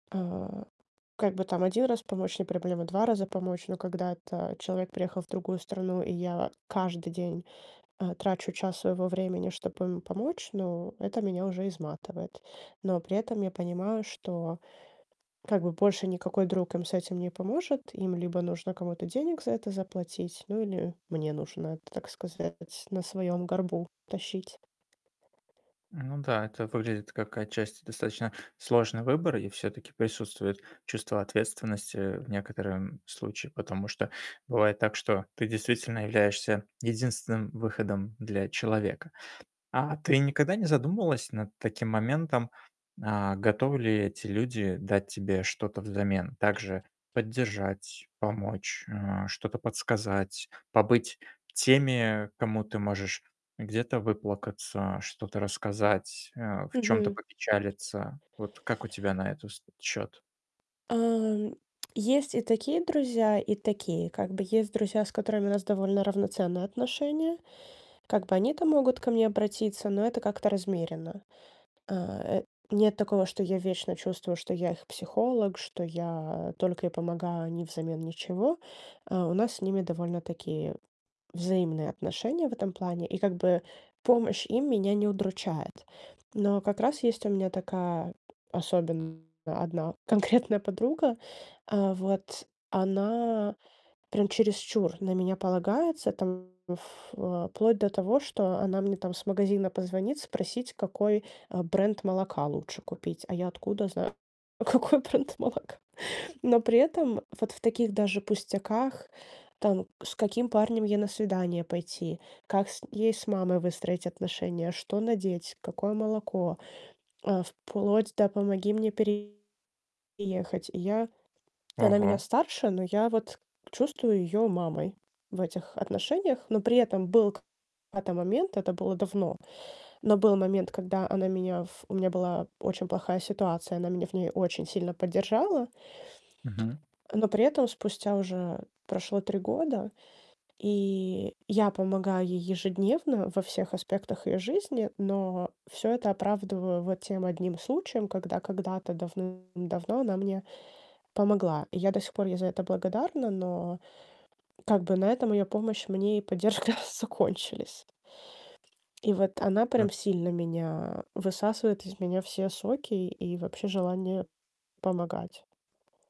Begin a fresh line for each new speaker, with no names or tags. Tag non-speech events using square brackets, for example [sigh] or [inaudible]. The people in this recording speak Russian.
А, как бы там 1 раз помочь- не проблема, 2 раза помочь. Но когда это человек приехал в другую страну и я каждый день, э, трачу час своего времени, чтобы ему помочь, ну, это меня уже изматывает. Но при этом я понимаю, что как бы больше никакой друг им с этим не поможет. Им либо нужно кому-то денег за это заплатить, ну, или мне нужно это так сказать, на своём горбу тащить.
Ну да, это выглядит как отчасти достаточно сложный выбор. И всё-таки присутствует чувство ответствености в некотором случае, потому что бывает так, что ты действительно являешься единственным выходом для человека. А ты никогда не задумывалась над таким моментом: а готовы ли эти люди дать тебе что-то взамен? Также поддержать, помочь, э, что-то подсказать, побыть теми, кому ты можешь где-то выплакаться, что-то рассказать, э, в чём-то
Мгм.
попечалиться. Вот как у тебя на эту ст счёт?
А, м, есть и такие друзья, и такие, как бы, есть друзья, с которыми у нас довольно равноценные отношения. Как бы, они-то могут ко мне обратиться, но это как-то размеренно. Э, нет такого, что я вечно чувствую, что я их психолог, что я только и помогаю, а они взамен ничего. А, у нас с ними довольно-таки взаимные отношения в этом плане, и, как бы, помощь им меня не удручает. Но как раз есть у меня такая особенная 1 [chuckles] конкретная подруга. А, вот. Она прям чересчур на меня полагается, там, в э, вплоть до того, что она мне, там, с магазина позвонит спросить, какой, э, бренд молока лучше купить. А я откуда зна какой бренд молока? Но при этом вот в таких даже пустяках, там: с каким парнем ей на свидание пойти, как с ей с мамой выстроить отношения, что надеть, какое молоко, э, вплоть до: "Помоги мне переехать". И я и она меня
Ого.
старше, но я вот чувствую её мамой в этих отношениях. Но при этом был к да-то момент, это было давно, но был момент, когда она меня в у меня была очень плохая ситуация, она меня в ней очень сильно поддержала
Мгм.
э, но при этом спустя уже прошло 3 года, и я помогаю ей ежедневно во всех аспектах её жизни. Но всё это оправдываю вот тем 1 случаем, когда когда-то давным-давно она мне помогла, и я до сих пор ей за это благодарна. Но как бы на этом её помощь мне и поддержка закончились. И вот она
Ну
прям сильно меня высасывает из меня все соки и вообще желание помогать.